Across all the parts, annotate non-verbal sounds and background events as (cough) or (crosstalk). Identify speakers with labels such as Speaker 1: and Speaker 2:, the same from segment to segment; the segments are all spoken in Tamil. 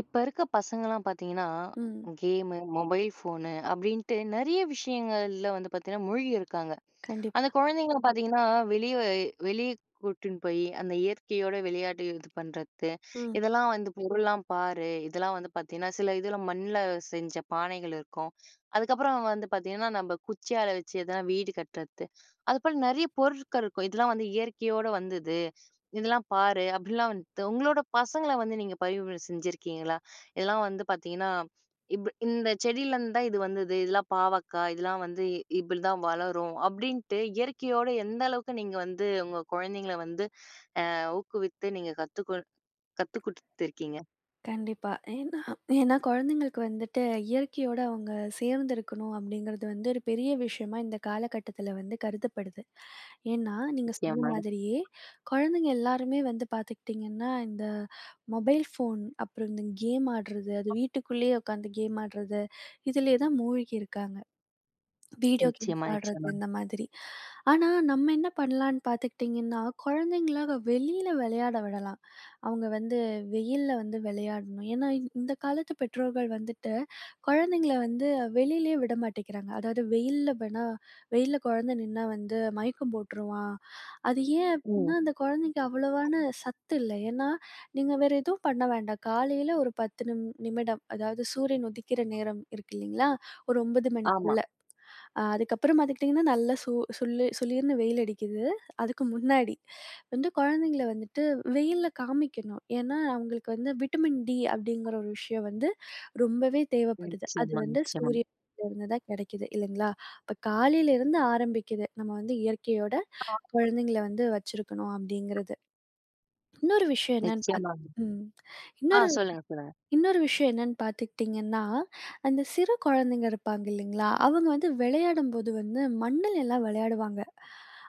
Speaker 1: இப்ப இருக்க பசங்கலாம் பார்த்தீங்கன்னா,
Speaker 2: ம்.
Speaker 1: கேமு, மொபைல் ஃபோனு, அப்டின்ட்டு நெறைய விஷயங்கள்ல வந்து பாத்தீங்கன்னா மூழ்கியிருக்காங்க. அந்த
Speaker 2: கண்டிப்பா.
Speaker 1: குழந்தைங்கள பாத்தீங்கன்னா, வெளிய அ வெளிய கூட்டினு போயி, அந்த இயற்கையோட விளையாடு இது பண்றத்து.
Speaker 2: ம்.
Speaker 1: இதெல்லாம் வந்து பொருள்லாம் பாரு, இதெல்லாம் வந்து பாத்தீங்கன்னா, சில இதுல மண்ல செஞ்ச பானைகள் இருக்கும். அதுக்கப்புறம் வந்து பாத்தீங்கன்னா, நம்ப குச்சியால வச்சு எதனா வீடு கட்றத்து. அதுபோல நெறைய பொருட்கள் இருக்கும். "இதெல்லாம் வந்து இயற்கையோட வந்தது. இதெல்லாம் பாரு" அப்டிலாம் வந்துட்டு உங்களோட பசங்கள வந்து நீங்க பரிவுரை செஞ்சிருக்கீங்களா? இதெல்லாம் வந்து பாத்தீங்கன்னா, இப்ப "இந்த செடியிலருந்து தான் இது வந்தது. இதெல்லாம் பாவக்காய், இதெல்லாம் வந்து இப்டி தான் வளரும்" அப்டின்ட்டு இயற்கையோட எந்த அளவுக்கு நீங்க வந்து உங்க குழந்தைங்கள வந்து, ஆ ஊக்குவித்து நீங்க கத்துக்கொ கத்து குடுத்துருக்கீங்க?
Speaker 2: கண்டிப்பா. (clears throat) ஏனா, ஏன்னா கொழந்தைங்களுக்கு வந்துட்டு, இயற்கையோட அவுங்க சேர்ந்துருக்கணும் அப்டிங்கிறது வந்து ஒரு பெரிய விஷயமா இந்த காலகட்டத்துல வந்து கருதப்படுது. ஏன்னா, நீங்க சொன்ன
Speaker 1: நிச்சியமா.
Speaker 2: மாதிரியே, குழந்தைங்க எல்லாருமே வந்து பாத்துக்கிட்டீங்கன்னா, இந்த மொபைல் ஃபோன், அப்புறம் இந்த கேம் ஆட்றது. அது வீட்டுக்குள்ளயே உக்காந்து கேம் ஆட்றது. இதிலேயே தான் மூழ்கி இருக்காங்க. வீடியோ
Speaker 1: நிச்சயமா
Speaker 2: கேம்ஸ் ஆட்றது
Speaker 1: நிச்சயமா.
Speaker 2: இந்த மாதிரி. ஆனா, நம்ம என்ன பண்ணலான்னு பாத்துக்கிட்டீங்கன்னா, குழந்தைங்களாக வெளியில விளையாட விடலாம். அவங்க வந்து வெயில்ல வந்து விளையாடணும். ஏன்னா, இந்த காலத்து பெற்றோர்கள் வந்துட்டு, குழந்தைங்கள வந்து வெளியிலயே விட மாட்டேங்கிறாங்க. அதாவது வெயில்ல வேணாம், வெயில்ல கொழந்த நின்னா வந்து, மயக்கம் போட்ருவான். அது ஏன்
Speaker 1: ம்.
Speaker 2: அப்டின்னா, அந்த கொழந்தைக்கு அவ்வளவான சத்து இல்ல. ஏன்னா, நீங்க வேற எதுவும் பண்ண வேண்டாம். காலையில ஒரு 10 நிம் நிமிடம். அதாவது சூரியன் உதிக்கிற நேரம் இருக்கு இல்லீங்களா? ஒரு 9
Speaker 1: ஆமா.
Speaker 2: மணிக்குள்ள. அ அதுக்கப்புறம் பாத்துக்கிட்டீங்கன்னா, நல்ல சூ சுல்லு சுளீர்ன்னு வெயில் அடிக்குது. அதுக்கு முன்னாடி. வந்து குழந்தைங்கள வந்துட்டு வெயில்ல காமிக்கணும். ஏன்னா, அவுங்களுக்கு "வந்து விட்டமின் டி" அப்டிங்கிற ஒரு விஷயம் வந்து ரொம்பவே
Speaker 1: ம்.
Speaker 2: தேவப்படுது. அது
Speaker 1: நிச்சயமா
Speaker 2: வந்து
Speaker 1: நிச்சயமாங்
Speaker 2: சூரியனிலிருந்து தான் கெடைக்குது, இல்லைங்களா? இப்ப காலையிலிருந்து ஆரம்பிக்குது. நம்ம வந்து இயற்கையோட குழந்தைங்கள
Speaker 1: (unintelligible)
Speaker 2: வந்து வச்சுருக்கணும் அப்டிங்கிறது. இன்னொரு விஷயம் என்னான்னு பாத்
Speaker 1: நிச்சயமாங்க.
Speaker 2: ம்.
Speaker 1: ஆ.
Speaker 2: இன்னொரு
Speaker 1: சொல்லுங்க சொல்லுங்க.
Speaker 2: இன்னொரு விஷயம் என்னான்னு பாத்துக்கிட்டீங்கன்னா, அந்த சிறு குழந்தைங்க இருப்பாங்க இல்லீங்களா? அவங்க வந்து வெளையாடும்போது வந்து மண்ணுல எல்லாம் விளையாடுவாங்க.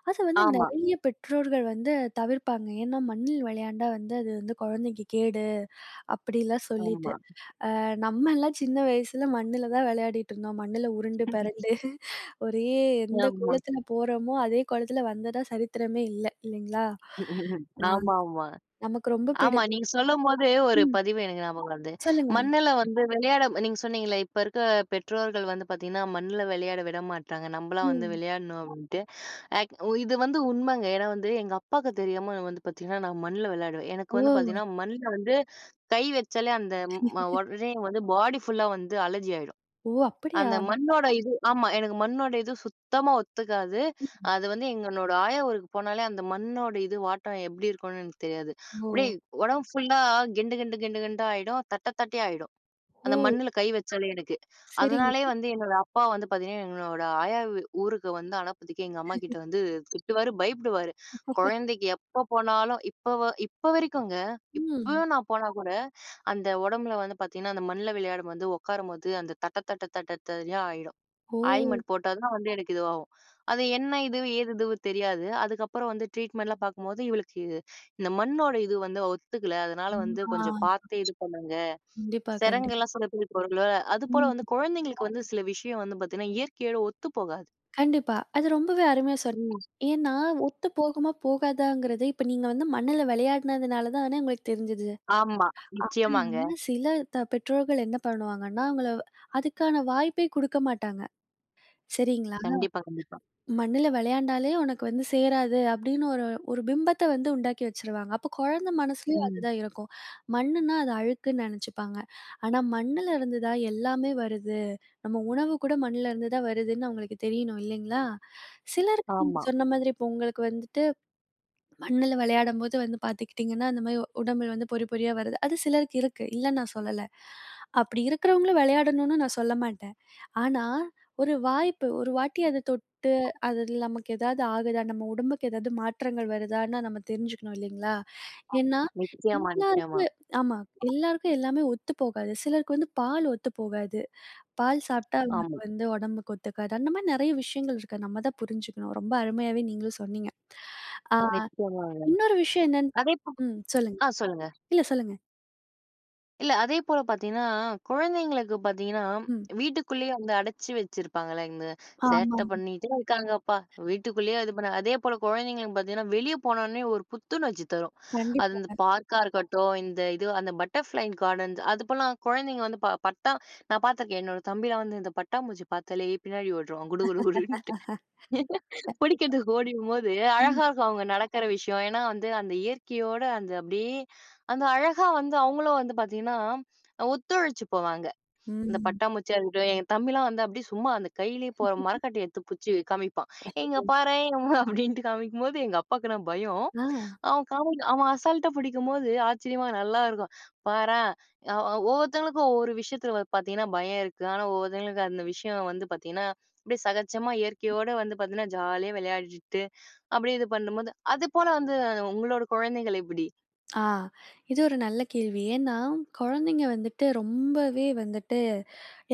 Speaker 2: அத வந்து
Speaker 1: ஆமா.
Speaker 2: நெறைய பெற்றோர்கள் வந்து தவிர்ப்பாங்க. ஏன்னா, மண்ணில் விளையாண்டா வந்து அது வந்து, குழந்தைக்கு கேடு. அப்டிலாம் சொல்லிட்டு.
Speaker 1: ஆமா.
Speaker 2: ஆ. நம்மலாம் சின்ன வயசுல மண்ணுல தான் விளையாடிட்டு இருந்தோம். மண்ணுல உருண்டு
Speaker 1: (laughs)
Speaker 2: பெரண்டு. ஒரே எந்த
Speaker 1: ஆமா.
Speaker 2: கோலத்துல போறோமோ, அதே கோலத்துல வந்ததா சரித்திரமே இல்ல. இல்லீங்களா?
Speaker 1: (laughs)
Speaker 2: ஆ.
Speaker 1: ஆமா ஆமா.
Speaker 2: நமக்கு ரொம்ப பிடி
Speaker 1: ஆமா. நீங்க சொல்லும்போது ஒரு
Speaker 2: ம்.
Speaker 1: பதிவு எனக்கு ஞாபகம் வருது.
Speaker 2: சொல்லுங்க.
Speaker 1: மண்ணுல வந்து விளையாடம் நீங்க சொன்னீங்களே இப்போ இருக்க பெற்றோர்கள் வந்து பாத்தீங்கன்னா, மண்ல விளையாட விட மாட்டாங்க. நம்பலாம் வந்து,
Speaker 2: ம்.
Speaker 1: விளையாடுனோம் அப்டின்ட்டு. ஆக் ஒ இது வந்து உண்மங்க. ஏன்னா, வந்து எங்க அப்பாக்கு தெரியாம நான் வந்து பாத்தீங்கன்னா, நான் மண்ல விளையாடுவேன்.
Speaker 2: ஓ!
Speaker 1: எனக்கு வந்து பாத்தீங்கன்னா, மண்ல வந்து கை வச்சாலே, அந்த ம
Speaker 2: (laughs)
Speaker 1: உடனே வந்து பாடி ஃபுல்லா வந்து அலர்ஜி ஆயிடும்.
Speaker 2: ஓ! அப்படியா?
Speaker 1: அந்த மண்ணோட இது ஆமா. எனக்கு மண்ணோட இது சுத்தமா ஒத்துக்காது.
Speaker 2: ம்.
Speaker 1: அது வந்து எங்கனோட ஆயா ஊருக்கு போனாலே, அந்த மண்ணோட இது, வாட்டம் எப்டி இருக்கும்னு எனக்கு தெரியாது. அப்டியே
Speaker 2: ஓ!
Speaker 1: உடம்பு ஃபுல்லா கெண்டு கெண்டு கெண்டு கெண்டா ஆயிடும். தட்ட தட்டயா ஆயிடும். அந்த
Speaker 2: ஓ!
Speaker 1: மண்ணுல கை வச்சாலே எனுக்கு.
Speaker 2: சரிங்
Speaker 1: அதனாலேயே வந்து என்னோட அப்பா வந்து பாத்தீங்கன்னா, எங்களோட ஆயா வ்வு ஊருக்கு வந்து அனுப்புறதுக்கே எங்க
Speaker 2: (laughs)
Speaker 1: அம்மாகிட்ட வந்து திட்டுவாரு, பயப்படுவாரு.
Speaker 2: (laughs)
Speaker 1: கொழந்தைக்கு எப்போ போனாலும். இப்ப வ இப்போ வரைக்கும் இருக்குங்க.
Speaker 2: ம்.
Speaker 1: இப்போயும் நான் போனா கூட, அந்த உடம்புல வந்து பாத்தீங்கன்னா, அந்த மண்ல விளையாடும் போது, உக்காரும்போது. அந்த தட்ட தட்ட தட்ட, தடியா ஆயிடும்.
Speaker 2: ஓ!
Speaker 1: ஆயின்மென்ட் போட்டா தான் வந்து எனக்கு இதுவாகும். அது என்ன இது? ஏது இதுவும் தெரியாது. அதுக்கப்புறம் வந்து ட்ரீட்மெண்டெலாம் பாக்கும்போது, இவளுக்கு இது இந்த மண்ணோட இது வந்து ஒத்துக்கல. அதுனால
Speaker 2: ம்
Speaker 1: வந்து
Speaker 2: ஆ.
Speaker 1: கொஞ்சம் பாத்தே இது பண்ணுங்க.
Speaker 2: கண்டிப்பா கண்டிப்
Speaker 1: செரங்கெல்லாம் சில பேருக்கு வரும்ல! அது
Speaker 2: ம்
Speaker 1: போல வந்து
Speaker 2: ஹ்ம்.
Speaker 1: கொழந்தைங்களுக்கு வந்து சில விஷயம் வந்து பாத்தீங்கன்னா, இயற்கையோட ஒத்து போகாது.
Speaker 2: கண்டிப்பா. அது ரொம்பவே அருமையா சொல்
Speaker 1: ம்.
Speaker 2: ஏன்னா ஒத்து போகுமா போகாதாங்கிறது, இப்போ நீங்க வந்து மண்ணுல வெளையாடினதுனால தான உங்களுக்கு தெரிஞ்சுது.
Speaker 1: ஆமா நிச்சயமாங்க.
Speaker 2: ஆனா சில த பெற்றோர்கள் என்ன பண்ணுவாங்கன்னா, அவங்கள அதுக்கான வாய்ப்பே குடுக்க மாட்டாங்க. சரிங்களா.
Speaker 1: கண்டிப்பா கண்டிப்பா.
Speaker 2: மண்ணுல வெளையாண்டாலே உனக்கு வந்து சேராது, அப்டீன்னு ஒரு ஒரு பிம்பத்த வந்து உண்டாக்கி வச்சுருவாங்க. அப்ப குழந்த மனசுலயும்
Speaker 1: ம்.
Speaker 2: அதுதான் இருக்கும். மண்ணுனா, அது அழுக்குன்னு நெனைச்சுப்பாங்க. ஆனா, மண்ணுலருந்துதான் எல்லாமே வருது. நம்ம உணவு கூட மண்ணுலருந்துதான் வருதுன்னு அவங்களுக்கு தெரியணும், இல்லீங்களா. சிலருக்கு நீங்க
Speaker 1: ஆமா.
Speaker 2: சொன்ன மாதிரி, இப்போ உங்களுக்கு வந்துட்டு, (swallows) மண்ணுல விளையாடும்போது வந்து பார்த்துக்கிட்டீங்கன்னா, இந்த மாரி உ உடம்புல வந்து பொறி பொறியா வருது. அது சிலருக்கு இருக்கு. இல்லன்னு நான் சொல்லல. அப்பிடி இருக்கிறவங்களும் வெளையாடணுன்னு நான் சொல்ல மாட்டேன். ஆனா, ஒரு வாய்ப்பு. ஒரு வாட்டி அத தொட்டு, அது இதுல நமக்கு ஏதாவது ஆகுதா? நம்ம உடம்புக்கு ஏதாவது மாற்றங்கள் வருதான்னு நம்ம தெரிஞ்சுக்கணும் இல்லைங்களா.
Speaker 1: ஆமா,
Speaker 2: ஏன்னா,
Speaker 1: நிச்சயமா நிச்சயமா.
Speaker 2: எல்லாருக்கு ஆமா, எல்லாருக்கும் எல்லாமே ஒத்து போகாது. சிலருக்கு வந்து பால் ஒத்து போகாது. பால் சாப்பிட்டா, அவங்களுக்கு
Speaker 1: ஆமாங்க.
Speaker 2: வந்து உடம்புக்கு ஒத்துக்காது. அந்த மாரி நிறைய விஷயங்கள் இருக்கு. நம்ம தான் புரிஞ்சுக்கணும். ரொம்ப அருமையாவே நீங்களும் சொன்னீங்க. ஆ
Speaker 1: நிச்சயமாங்க.
Speaker 2: இன்னொரு விஷயம் என்னன்னு
Speaker 1: அதேபோ
Speaker 2: ம் சொல்லுங்க.
Speaker 1: ஆ சொல்லுங்க.
Speaker 2: இல்ல சொல்லுங்க.
Speaker 1: இல்ல, அதேபோல பாத்தீன்னா, குழந்தைங்களுக்கு பாத்தீங்கன்னா
Speaker 2: ம்.
Speaker 1: வீட்டுக்குள்ளயே அந்த அடச்சி வச்சிருப்பாங்கலங்க, "சேட்ட
Speaker 2: ஆமாங்க.
Speaker 1: பண்ணிட்டே இருக்காங்கப்பா! வீட்டுக்குள்ளயே இது பண்ண." அதே போல குழந்தைங்களுக்கு பாத்தீங்கன்னா வெளிய போனோன்னே ஒரு புத்துணர்ச்சி தரும், அது அந்த
Speaker 2: கண்டிப்பாங்க.
Speaker 1: பார்க்கா இருக்கட்டும், இந்த இது அந்த பட்டர்ஃப்ளை கார்டன்ஸ் அது போலலாம். குழந்தைங்க வந்து ப பட்டா நான் பாத்துருக்கேன், என்னோட தம்பிலாம் வந்து இந்த பட்டாம்பூச்சி பாத்தாலே, பின்னாடி ஒட்ருவான் குடு குடு குடுன்ட்டு.
Speaker 2: (laughs) கண்டிப்பா,
Speaker 1: புடிக்றதுக்கு ஓடிவரும்போது
Speaker 2: ம்.
Speaker 1: அழகாருக்கும் அவுங்க நடக்கற விஷயம், ஏன்னா வந்து அந்த இயற்கையோட அந்த அப்டியே அந்த அழகா வந்து அவுங்களும் வந்து பாத்தீங்கன்னா, ஒத்துழைச்சு போவாங்க. அந்த
Speaker 2: ம்.
Speaker 1: பட்டாம்பூச்சியா இருக்கட்டும், என் தம்பிலாம் வந்து அப்டியே சும்மா அந்த கையிலயே போற
Speaker 2: (chuckles)
Speaker 1: மரவட்டைய எத்து புச்சு காமிப்பான், "ஏ இங்க
Speaker 2: அச்சச்சோ!
Speaker 1: பாரேன்" அப்டின்ட்டு காமிக்கும்போது எங்க அப்பாக்குனா பயம்,
Speaker 2: அ!
Speaker 1: அவன் காமெடி அவன் அசால்டா பிடிக்கும்போது, ஆச்சரியமா நல்லாயிருக்கும். "பாரேன்" அ ஒவ்வொருத்தவங்களுக்கும் ஒவ்வொரு விஷயத்துல வ பாத்தீங்கன்னா பயம் இருக்கு, ஆனா ஒவ்வொருத்தவங்களுக்கு அந்த விஷயம் வந்து பாத்தீங்கன்னா, அப்டியே சகஜமா இயற்கையோட வந்து பாத்தீங்கன்னா, ஜாலியா விளையாடிட்டு, அப்டியே இது பண்ணும்போது அது போல வந்து உங்களோட குழந்தைகள் எப்டி?
Speaker 2: ஆ இது ஒரு நல்ல கேள்வி, ஏன்னா குழந்தைங்க வந்துட்டு ரொம்பவே வந்துட்டு,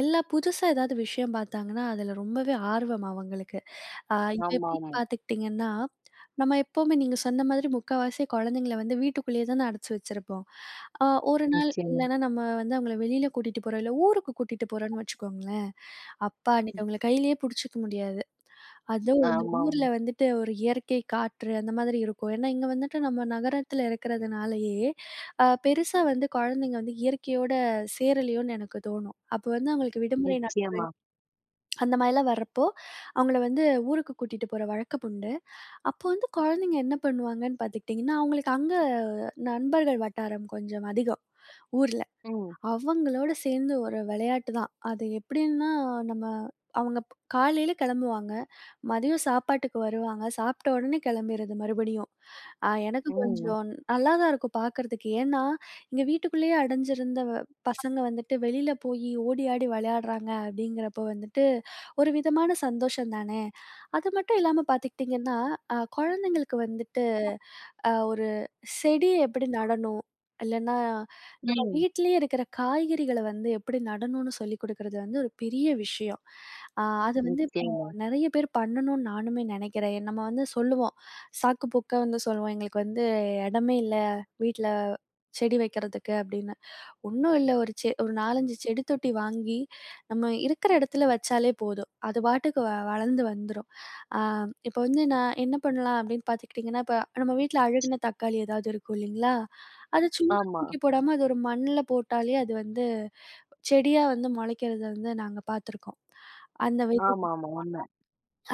Speaker 2: எல்லா புதுசா ஏதாவது விஷயம் பாத்தாங்கன்னா அதுல ரொம்பவே ஆர்வம் அவங்களுக்கு. அ இப்ப எப்டின்னு
Speaker 1: ஆமாமா.
Speaker 2: பாத்துக்கிட்டீங்கன்னா, நம்ம எப்பவுமே நீங்க சொன்ன மாதிரி முக்காவாசி குழந்தைங்கள வந்து வீட்டுக்குள்ளயே தான அடச்சி வச்சிருப்போம். அ ஒரு நாள்
Speaker 1: நிச்சயமா.
Speaker 2: இல்லனா நம்ம வந்து அவுங்கள வெளில கூட்டிட்டு போறோம், இல்ல ஊருக்கு கூட்டிட்டு போறோம்ன்னு வச்சுக்கோங்களேன், அப்பா!
Speaker 1: ம்.
Speaker 2: அன்னைக்கு அவுங்கள கைலயே புடிச்சுக்க முடியாது. அதுவும் இந்த
Speaker 1: ஆமாம்.
Speaker 2: ஊர்ல வந்துட்டு ஒரு இயற்கை, காற்று அந்த மாதிரி இருக்கும். ஏன்னா இங்க வந்துட்டு நம்ம நகரத்தில இருக்கிறதுனாலயே, அ பெருசா வந்து குழந்தைங்க வந்து இயற்கையோட சேரலயோன்னு எனக்கு தோணும். அப்போ வந்து அவுங்களுக்கு விடுமுறை நாட்கள்
Speaker 1: நிச்சயமா.
Speaker 2: அந்த மாரிலாம் வரப்போ, அவுங்கள வந்து ஊருக்கு கூட்டிட்டு போற வழக்கம் உண்டு. அப்ப வந்து குழந்தைங்க என்ன பண்ணுவாங்கன்னு பார்த்துக்டீங்கன்னா, அவுங்களுக்கு அங்க நண்பர்கள் வட்டாரம் கொஞ்சம் அதிகம், ஊர்ல.
Speaker 1: ம்.
Speaker 2: அவங்களோட சேந்து ஒரு விளையாட்டு தான். அது எப்படின்னா, நம்ம அவுங்க ப் காலைல கெளம்புவாங்க, மதியம் சாப்பாட்டுக்கு வருவாங்க, சாப்ட்ட உடனே கெளம்பிரது மறுபடியும். அ எனக்கு
Speaker 1: ம்.
Speaker 2: கொஞ்சம் நல்லா தான் இருக்கும் பாக்கறதுக்கு, ஏன்னா இங்க வீட்டுக்குள்ளயே அடைஞ்சிருந்த பசங்க வந்துட்டு வெளில போயி ஓடி ஆடி விளையாடுறாங்க அப்டிங்கிறப்போ வந்துட்டு, ஒரு விதமான சந்தோஷந்தானே. அது மட்டும் இல்லாம பார்த்துக்டீங்கன்னா, அ குழந்தைங்களுக்கு வந்துட்டு
Speaker 1: அ.
Speaker 2: அ ஒரு செடி எப்படி நடணும்? இல்லைனா நம்ம
Speaker 1: ம்.
Speaker 2: வீட்லயே இருக்குற காய்கறிகள வந்து எப்படி நடணுன்னு? சொல்லிக் குடுக்கறது வந்து ஒரு பெரிய விஷயம். அ அது வந்து இப்போ
Speaker 1: ஓக்கேங்க!
Speaker 2: நெறையா பேர் பண்ணணுன்னு நானுமே நெனைக்கிறேன். எ நம்ம வந்து சொல்லுவோம் சாக்கு போக்கா வந்து சொல்லுவோம், "எங்களுக்கு வந்து எடமே இல்ல வீட்ல செடி வைக்கிறதுக்கு." அப்டின்னு, ஒண்ணும இல்ல, ஒரு செ ஒரு 4, 5 செடி தொட்டி வாங்கி நம்ம இருக்குற இடத்துல வச்சாலே போதும், அது பாட்டுக்கு வளர்ந்து வந்துரும். அ இப்போ வந்து நான் என்ன பண்ணலாம் அப்டின்னு பார்த்துக்ட்டீங்கன்னா, இப்போ நம்ம வீட்ல அழுகுன தக்காளி எதாவது இருக்கும் இல்லிங்களா, அத சும்மா
Speaker 1: ஆமா.
Speaker 2: தூக்கி போடாம அது ஒரு மண்ல போட்டாலே அது வந்து செடியா வந்து மொளைக்கிறத வந்து நாங்க பாத்துருக்கோம், அந்த வை (unintelligible)
Speaker 1: ஆமாமா உண்ம.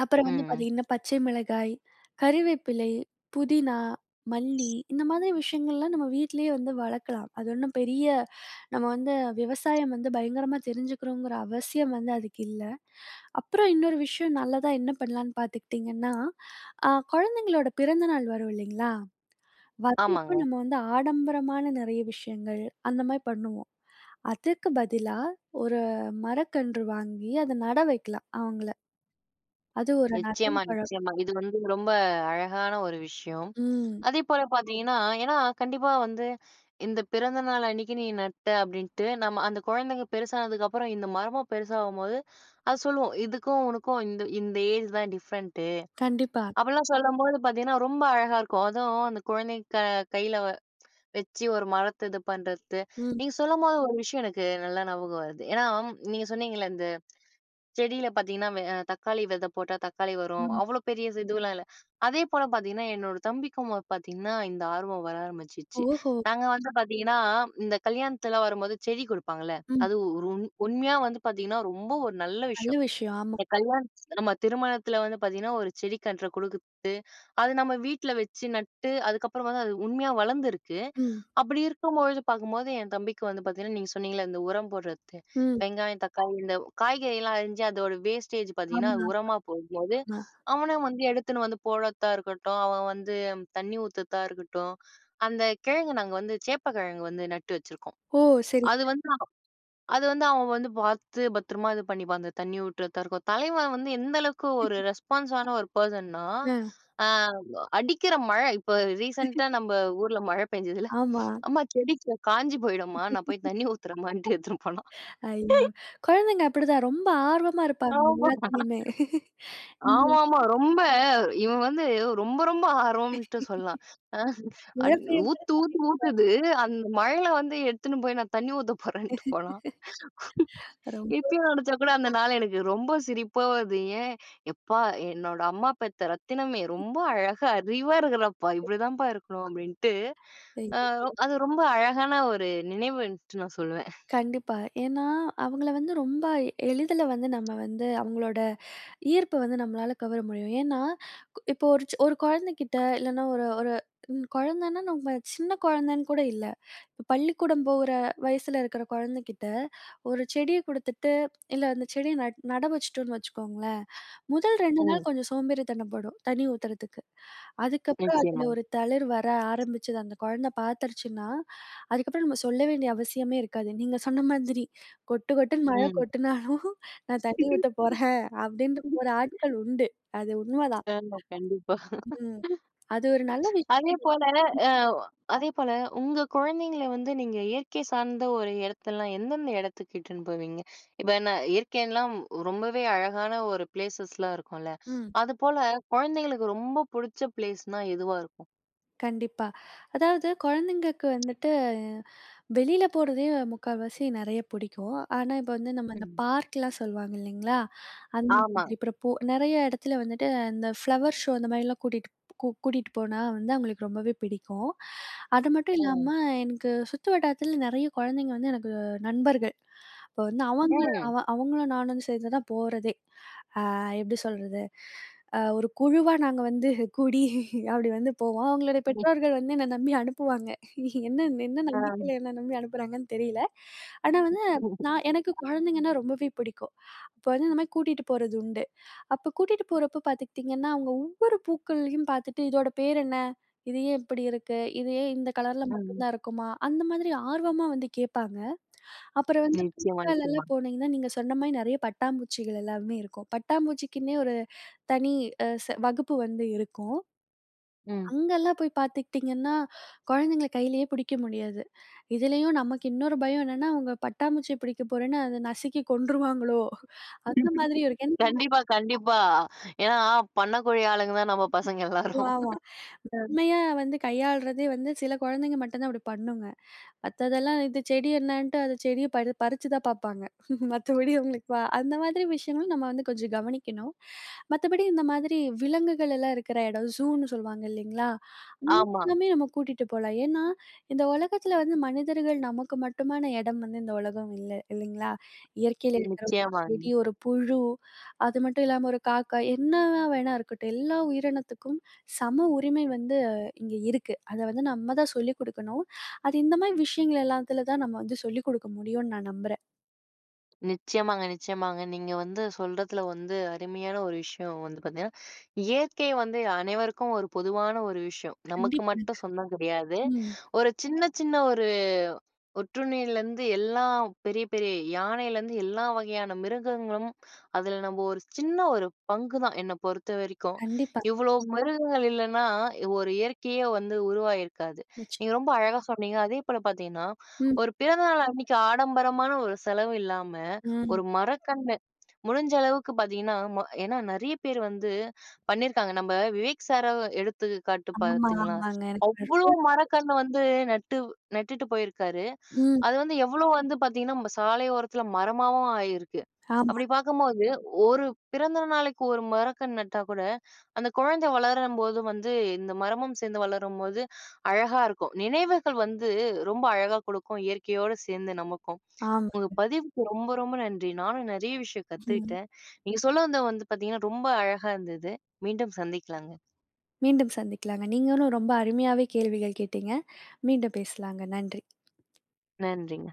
Speaker 2: அப்பறம் வந்து
Speaker 1: ம் ம்.
Speaker 2: பாத்தீங்கன்னா, பச்சை மிளகாய், கறிவேப்பிலை, புதினா, மல்லி இந்த மாதிரி விஷயங்கள்லாம் நம்ம வீட்லயே வந்து வளக்கலாம். அது ஒண்ணும் பெரிய நம்ம வந்து விவசாயம் வந்து பயங்கரமா தெரிஞ்சுக்கிறோங்கற அவசியம் வந்து அதுக்கு இல்ல. அப்பறம் இன்னொரு விஷயம் நல்லதா என்ன பண்ணலான்னு பாத்துக்ட்டீங்கன்னா, அ குழந்தைங்களோட பிறந்த நாள் வரும் இல்லைங்களா, வர்றப்போ
Speaker 1: ஆமாங்க.
Speaker 2: நம்ம வந்து ஆடம்பரமான நிறையா விஷயங்கள் அந்த மாரி பண்ணுவோம். அதுக்கு பதிலா ஒரு மரக்கன்று வாங்கி அத நடவைக்கலாம். அவுங்கள. அது ஒரு நல்ல
Speaker 1: நிச்சயமா,
Speaker 2: பழக்கம்.
Speaker 1: நிச்சயமா இது வந்து ரொம்ப அழகான ஒரு விஷயம்.
Speaker 2: ம்.
Speaker 1: அதே போல பாத்தீங்கன்னா, ஏன்னா கண்டிப்பா வந்து இந்த பிறந்த நாள் அன்னைக்கு நீ நட்ட அப்டின்ட்டு நம்ம அந்த குழந்தைங்க பெருசானதுக்கு அப்பறம் இந்த மரமும் பெருசாகும்போது அது சொல்லும், "இதுக்கும் உனுக்கும் இந்த இந்த ஏஜ் தான் டிஃப்ரெண்ட்டு"
Speaker 2: கண்டிப்பா.
Speaker 1: அப்படிலாம் சொல்லம்போது பாத்தீங்கன்னா, ரொம்ப அழகா இருக்கும். அதும் அந்த குழந்தைங்க க கையில வெச்சு ஒரு மரத்த இது பண்றத்து.
Speaker 2: ம்.
Speaker 1: நீங்க சொல்லம்போது ஒரு விஷயம் எனக்கு நல்லா ஞாபகம் வருது, ஏன்னா நீங்க அம் சொன்னீங்கள்ல இந்த செடியில பாத்தீங்கன்னா வெ தக்காளி வித போட்டா தக்காளி வரும்,
Speaker 2: ம்.
Speaker 1: அவ்ளோ பெரிய இது இதுல்லாம் இல்ல. அதே போல பாத்தீங்கன்னா, என்னோட தம்பிக்கும் பாத்தீங்கன்னா இந்த ஆர்வம் வர ஆரம்பிச்சிச்சு.
Speaker 2: ஓஹோ!
Speaker 1: நாங்க வந்து பாத்தீங்கன்னா இந்த கல்யாணத்துலாம் வரும்போது செடி கொடுப்பாங்கள்ல,
Speaker 2: ம்.
Speaker 1: அது ஒரு உண் உண்மையா வந்து பாத்தீங்கன்னா ரொம்ப ஒரு நல்ல
Speaker 2: நல்ல
Speaker 1: விஷ்யம்.
Speaker 2: விஷயம் ஆமா.
Speaker 1: இந்த கல்யாண நம்ம திருமணத்தில வந்து பாத்தீங்கன்னா ஒரு செடி கன்ற குடுக்குறது, அது நம்ம வீட்ல வெச்சு நட்டு அதுக்கப்புறம் வந்து அது உண்மையா வளர்ந்திருக்கு.
Speaker 2: ம்.
Speaker 1: அப்டி இருக்கும்பொழுது பாக்கும்போது, என் தம்பிக்கு வந்து பாத்தீங்கன்னா நீங்க சொன்னிங்கல்ல இந்த உரம் போடுறதுக்கு
Speaker 2: ம்.
Speaker 1: வெங்காயம், தக்காளி இந்த காய்கறி எல்லாம் அரிஞ்சு அதோட வேஸ்டேஜ் பாத்தீங்கன்னா
Speaker 2: ஆமா,
Speaker 1: அது
Speaker 2: ஆமா.
Speaker 1: உரமா போடும்போது,
Speaker 2: ஆமா.
Speaker 1: அவனா வந்து எடுத்துன்னு வந்து போடத்த இருக்கட்டும், அவன் வந்து தண்ணீ ஊத்தத்தா இருக்கட்டும். அந்த கிழங்கு நாங்க வந்து சேப்பக்கிழங்கு வந்து நட்டு வச்சிருக்கோம்.
Speaker 2: ஓ! சரிங்க.
Speaker 1: அது வந்து அது வந்து அவன் வந்து பாத்து பத்ரமா இது பண்ணிப்பான். அந்த தண்ணி ஊற்றத்தா இருக்கும், தலைவன் வந்து எந்த அளவுக்கு ஒரு
Speaker 2: (chuckles)
Speaker 1: ரெஸ்பான்ஸான ஒரு பெர்சன்னா,
Speaker 2: ம்.
Speaker 1: அ அடிக்கற மழை, இப்போ ரீசென்ட்டா
Speaker 2: (chuckles)
Speaker 1: நம்ப ஊர்ல மழை பெஞ்சுதுல்ல,
Speaker 2: ஆமா.
Speaker 1: "அம்மா, செடி காஞ்சு போயிடும்மா, நான் போய்
Speaker 2: (laughs)
Speaker 1: தண்ணி ஊத்துறம்மான்ட்டு" எடுத்துன்னு போனான்.
Speaker 2: ஐயோ, குழந்தைங்க அப்படிதான். ரொம்ப ஆர்வமா இருப்பாங்க.
Speaker 1: ஆமா,
Speaker 2: எல்லாத்திலயுமே. (chuckles) ம்.
Speaker 1: ஆமாமா ரொம்ப, இவன் வந்து ரொம்ப ரொம்ப ஆர்வம்ட்டு சொல்லலாம். அ
Speaker 2: மழ
Speaker 1: அட்
Speaker 2: பெய்யும் போதே
Speaker 1: ஊத்து
Speaker 2: தண்ணீ
Speaker 1: ஊத்துன்னு
Speaker 2: ஊத்துறா,
Speaker 1: ஊத்துது, அந்த மழைல வந்து எடுத்துனு போய் நான் தண்ணீ ஊத்த போறேன்னுட்டு போனான்.
Speaker 2: (laughs) ரொம்ப
Speaker 1: இப்பயும் நெனைச்சா கூட அந்த நாள் எனக்கு ரொம்ப சிரிப்பா வருது, ஏன் "எப்பா என்னோட அம்மா பெத்த ரத்தினமே ரொம்ப
Speaker 2: (chuckles)
Speaker 1: அழகா அறிவா இருக்கிறப்பா, இப்படிதான்ப்பா இருக்கணும்" அப்டின்ட்டு, அ
Speaker 2: ஐய்யயோ!
Speaker 1: அது ரொம்ப அழகான ஒரு நினைவுன்ட்டு நான் சொல்லுவேன்.
Speaker 2: கண்டிப்பா, ஏன்னா அவுங்கள வந்து ரொம்ப எளிதில வந்து நம்ம வந்து அவுங்களோட ஈர்ப்பு வந்து நம்மளால கவர முடியும். ஏன்னா கு இப்போ ஒரு சொ ஒரு குழந்தைகிட்ட இல்லைனா ஒரு ஒரு ம் குழந்தன்னா, நம்ம சின்ன குழந்தன்னு கூட இல்ல, பள்ளிக்கூடம் போற வயசுல இருக்கற குழந்தகிட்ட ஒரு செடிய குடுத்துட்டு இல்ல, அந்த செடிய நட் நட வச்சுட்டோன்னு வச்சுக்கோங்களேன், முதல் 2 நாள்
Speaker 1: ம்.
Speaker 2: கொஞ்சம் சோம்பேறித்தனப் படும் தண்ணி ஊத்துறதுக்கு, அதுக்கப்பறம் அதுல
Speaker 1: நிச்சயமா.
Speaker 2: ஒரு தளிர் வர ஆரம்பிச்சது அந்த குழந்த பாத்துருச்சுனா, அதுக்கு அப்பறம் நம்ம சொல்ல வேண்டிய அவசியமே இருக்காது. நீங்க சொன்ன மாதிரி, கொட்டு கொட்டுன்னு மழ
Speaker 1: ம்.
Speaker 2: கொட்டுனாலும் நான் தண்ணீ ஊத்த போறேன் அப்டிண்ட்டு போற ஆட்கள்
Speaker 1: (chuckles)
Speaker 2: உண்டு. அது உண்மதான்.
Speaker 1: ஆமா கண்டிப்பா,
Speaker 2: ம். அது ஒரு நல்ல
Speaker 1: (laughs) அதே
Speaker 2: விஷயம் கூட,
Speaker 1: போல,
Speaker 2: ம்.
Speaker 1: அ அதே போல உங்க குழந்தைங்கள வந்து நீங்க இயற்கை சார்ந்த ஒரு எடத்தல்லாம், எந்தெந்த எடத்துக்கு இட்டுன்னு போவீங்க, இப்ப என்ன இயற்கைன்லாம், ரொம்பவே அழகான ஒரு ப்ளேஸஸ்லாம் இருக்குன்ல,
Speaker 2: ம்.
Speaker 1: அது போல குழந்தைங்களுக்கு ரொம்ப புடிச்ச பிளேஸ்னா எதுவா இருக்கும்?
Speaker 2: கண்டிப்பா, அதாவது கொழந்தைங்களுக்கு வந்துட்டு வெளியில போறதே முக்கால்வாசி நெறைய பிடிக்கும். ஆனா, இப்ப வந்து நம்ப இந்த
Speaker 1: ம்.
Speaker 2: பார்க்லாம் சொல்வாங்க இல்லங்களா, அந்த
Speaker 1: ஆமா.
Speaker 2: மாரி இப்ப நெறைய இடத்துல வந்துட்டு, இந்த ஃப்ளவர் ஷோ அந்த மாதிரிலாம் கூட்டிட் கூட்டிட்டு போனா வந்து அவங்களுக்கு ரொம்பவே பிடிக்கும். அது மட்டும் இல்லாம
Speaker 1: ம்.
Speaker 2: எனக்கு சுத்து வட்டாரத்துல நெறைய குழந்தைங்க வந்து எனக்கு நண்பர்கள். இப்ப வந்து அவங்க
Speaker 1: ம்.
Speaker 2: அவங்களும் நானும் வந்து சேர்ந்துதான் போறதே. அ எப்படி சொல்லுறது அ ஒரு குழுவா நாங்க வந்து கூடி அப்படி வந்து போவோம். அவங்களோட
Speaker 1: ம்.
Speaker 2: பெற்றோர்கள் வந்து என்னைய நம்பி அனுப்புவாங்க. என்ன என்ன
Speaker 1: ஆம்.
Speaker 2: நம்பிக்கையில என்னைய நம்பிஅனுப்புறாங்கன்னு தெரியல. ஆனா, வந்து நா நான் எனக்கு
Speaker 1: (laughs)
Speaker 2: குழந்தைங்கன்னா ரொம்பவே பிடிக்கும். அப்ப வந்து இந்த மாதிரி கூட்டிட்டு போறது உண்டு. அப்ப கூட்டிட்டு போறப்போ பாத்துக்கிட்டிங்கன்னா, அவங்க ஒவ்வொரு பூக்களையும் பாத்துட்டு இதோட பேர் என்ன? இது ஏன் இப்படி இருக்கு? இது ஏன் இந்த கலர்ல மட்டும்
Speaker 1: ம்.
Speaker 2: தான் இருக்குமா? அந்த மாதிரி ஆர்வமா வந்து கேட்பாங்க. அப்புறம் வந்து
Speaker 1: நிச்சயமா, நிச்சயமா.
Speaker 2: பூக்கள்லாம் போனீங்கன்னா, நீங்க சொன்ன மாதிரி நெறைய பட்டாம்பூச்சிகள் எல்லாமே இருக்கும். பட்டாம்பூச்சிக்குன்னே ஒரு தனி அ செ வகுப்பு வந்து இருக்கும்.
Speaker 1: ம்.
Speaker 2: அங்கலாம் போய் பாத்துக்கிட்டிங்கன்னா, கொழந்தைங்கள்ல கையிலேயே புடிக்க முடியாது. இதுலேயும் நமக்கு இன்னொரு பயம் என்னென்னா, அவங்க பட்டாம்பூச்சிய பிடிக்க போறேன்னு அத நசுக்கி கொன்றுருவாங்களோ, அந்த மாதிரி இருக்கும் (unintelligible)
Speaker 1: கண்டிப்பா, கண்டிப்பா. ஏன்னா, பண்ணக்கூடிய ஆளுங்க தான் நம்ப பசங்க
Speaker 2: ஆமா,
Speaker 1: எல்லாரும்.
Speaker 2: ஆமா.
Speaker 1: அ.
Speaker 2: உண்மையா வந்து கையாளுறதே வந்து சில குழந்தைங்க மட்டும் தான் அப்படி பண்ணுங்க. மத்ததெல்லாம் இந்த செடி என்னன்னுட்டு அந்த செடிய பறி பறிச்சி தான் பாப்பாங்க. (chuckles) மத்தபடி அவங்களுக்கு அந்த மாதிரி விஷயங்களும் நம்ப வந்து கொஞ்சம் கவனிக்கணும். மத்தபடி இந்த மாதிரி விலங்குகள் எல்லாம் இருக்குற இடம் சூன்னு சொல்லுவாங்க இல்லங்களா?
Speaker 1: ஆமா.
Speaker 2: அங்கயுமே நம்ப கூட்டிகிட்டு போலாம். ஏன்னா, இந்த உலகத்துல வந்து மனிதர்கள் நமக்கு மட்டுமான எடம் வந்து இந்த உலகம் இல்ல, இல்லங்களா இயற்கையில இருக்குற
Speaker 1: நிச்சயமாங்க.
Speaker 2: செடி, ஒரு புழு அது மட்டும் இல்லாமல ஒரு காக்கா என்ன வேணா இருக்கட்டும். எல்லா உயிரினத்துக்கும் சம உரிமை வந்து இங்க இருக்கு. அத வந்து நம்ப தான் சொல்லிக் கொடுக்கணும். அது இந்த மாதிரி விஷயங்கள் எல்லாத்துல தான் நம்ப வந்து சொல்லிக் குடுக்க முடியும்னு, நான் நம்புறேன்.
Speaker 1: நிச்சயமாங்க நிச்சயமாங்க. நீங்க வந்து சொல்றதுல வந்து அருமையான ஒரு விஷயம் வந்து பார்த்தீங்கன்னா, இயற்கை வந்து அனைவருக்கும் ஒரு பொதுவான ஒரு விஷயம். நமக்கு
Speaker 2: கண்டிப்பாங்க.
Speaker 1: மட்டும் சொந்தம் கிடையாது.
Speaker 2: ம்.
Speaker 1: ஒரு சின்ன சின்ன ஒரு ஒட்டுண்ணியிலருந்து எல்லா பெரிய பெரிய யானையிலருந்து எல்லா வகையான மிருகங்களும் அதில நம்ம ஒரு சின்ன ஒரு பங்குதான் என்ன பொறுத்த வரைக்கும்.
Speaker 2: கண்டிப்பா.
Speaker 1: இவ்ளோ மிருகங்கள் இல்லன்னா, ஒரு இயற்கையே வந்து உருவாகியிருக்காது.
Speaker 2: நிச்ச
Speaker 1: நீங்க ரொம்ப அழகா சொன்னீங்க. அதே போல பார்த்தீங்கன்னா,
Speaker 2: ம்.
Speaker 1: ஒரு பிறந்தநாள் அன்னக்கி ஆடம்பரமான ஒரு செலவு இல்லாம
Speaker 2: ம்.
Speaker 1: ஒரு மரக்கன்று முடிஞ்ச அளவுக்கு பார்த்தீங்கன்னா அ ஏன்னா நிறைய பேர் வந்து பண்ணியிருக்காங்க. நம்ப விவேக் சார எடுத்துக்காட்டு
Speaker 2: ஆமா,
Speaker 1: பார்த்தீங்களா?
Speaker 2: ஆமாங்க எனக்கு
Speaker 1: அவ்ளோ
Speaker 2: (unintelligible)
Speaker 1: மரக்கன்னு வந்து நட்டு நட்டுட்டு போயிருக்காரு.
Speaker 2: ம்.
Speaker 1: அது வந்து எவ்ளோ வந்து பார்த்தீங்கன்னா, நம்ம சாலையோரத்தில மரமாவும் ஆயிருக்கு.
Speaker 2: ஆமா.
Speaker 1: அப்பிடி பார்க்கும்போது, 1 பிறந்த நாளைக்கு 1 மரக்கன்னு நட்டா கூட அந்த குழந்தை வளரும்போது வந்து இந்த மரமும் சேர்ந்து வளரும்போது அழகா இருக்கும். நினைவுகள் வந்து ரொம்ப அழகா கொடுக்கும். இயற்கையோடு சேர்ந்து நமக்கும். உங்க
Speaker 2: ஆமாங்க.
Speaker 1: பதிவுக்கு ரொம்ப ரொம்ப நன்றி. நானும் நிறைய விஷயம்
Speaker 2: ம்.
Speaker 1: கத்துக்கிட்டேன். நீங்க சொல்ல வந்த வந்து பார்த்தீங்கன்னா, ரொம்ப அழகாக இருந்தது. மீண்டும் சந்திக்கலாங்க.
Speaker 2: மீண்டும் சந்திக்கலாங்க. நீங்களும் ரொம்ப அருமையாவே கேள்விகள் கேட்டீங்க. மீண்டும் பேசலாங்க. நன்றி.
Speaker 1: நன்றிங்க.